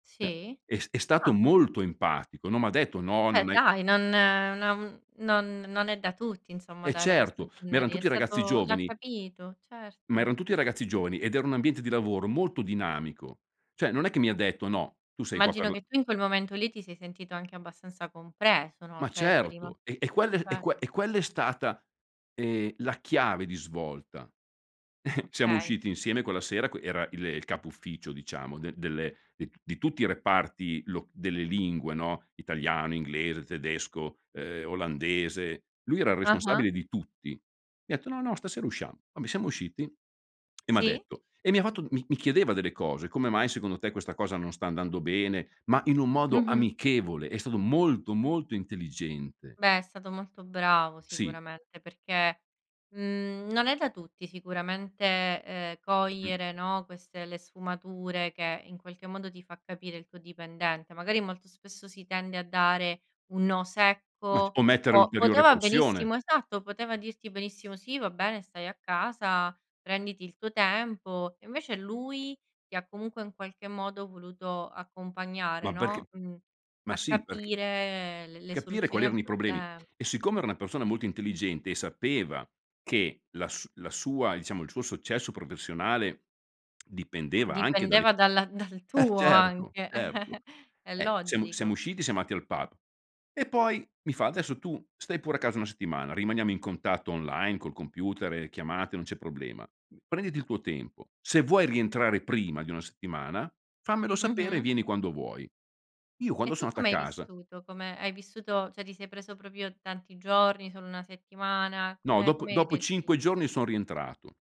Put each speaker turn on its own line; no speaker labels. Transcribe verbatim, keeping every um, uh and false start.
Beh
Sì?
è st è stato
Ah!
molto empatico, non m'ha detto: "No
Beh
non hai"
dai, non non non non è da tutti insomma
Eh
dare questo,
certo, ma
[unintelligible]
eran
è
tutti ragazzi
stato l'ha
giovani.
capito,
Ma
certo.
eran tutti ragazzi giovani, ed era un ambiente di lavoro molto dinamico. Cioè non è che mi ha detto: "No, tu sei qua per
Immagino
la"
che tu in quel momento lì ti sei sentito anche abbastanza compreso, no.
Ma
Cioè sei rimas
certo e e quel e
eh.
que e quella è stata, ehm, la chiave di svolta. Siamo
Okay.
usciti insieme quella sera q era il capo ufficio diciamo d delle del di tutti i reparti lo delle lingue, no: Italiano, inglese, tedesco, ehm, olandese. Lui era il
Ah-ah.
responsabile di tutti. Mi ha etto: "No, no, stasera usciamo." Vabbè siamo usciti e m'ha
Sì.
detto e mi ha fatto mi mi chiedeva delle cose: "Come mai secondo te questa cosa non sta andando bene?" Ma in un modo
Mh-mh.
amichevole, è stato molto, molto intelligente.
Beh, è stato molto bravo,
Sì.
sicuramente, perché, mhmm, non è da tutti sicuramente, ehm,
Mh.
cogliere, no, queste le sfumature che in qualche modo ti fa capire il tuo dipendente. Magari molto spesso si tende a dare un no
Ma c o
secco
mettere
o
ulteriore
poteva
pressione.
benissimo esatto, poteva dirti benissimo sì, va bene, stai a casa, prenditi il tuo tempo. Invece lui ti ha comunque in qualche modo voluto accompagnare,
Ma perché
no, mh,
ma
a
sì, perch
capire l le
capire quali
soluzioni al
erano i problemi.
problema.
E siccome era una persona molto intelligente e sapeva che la su la sua, diciamo il suo successo professionale dipendeva anche dalle
Dipendeva dalla dal
Eh,
tuo,
certo,
anche
certo.
è
Eh, siam siamo
logico.
usciti siam ndati al pub, e poi mi fa: "Adesso tu stai pure a casa una settimana, rimaniamo in contatto online col computer e chiamate, non c'è problema. Prenditi il tuo tempo, se vuoi rientrare prima di una settimana, fammelo sapere e
Mh-mh.
vieni quando vuoi." Io quando
E
so
tu
ndato a
come hai
casa
vissuto? Come hai vissuto cioè ti sei preso proprio tanti giorni, solo una settimana,
No,
come
dopo
come hai
dopo
reagito?
cinque giorni son rientrato.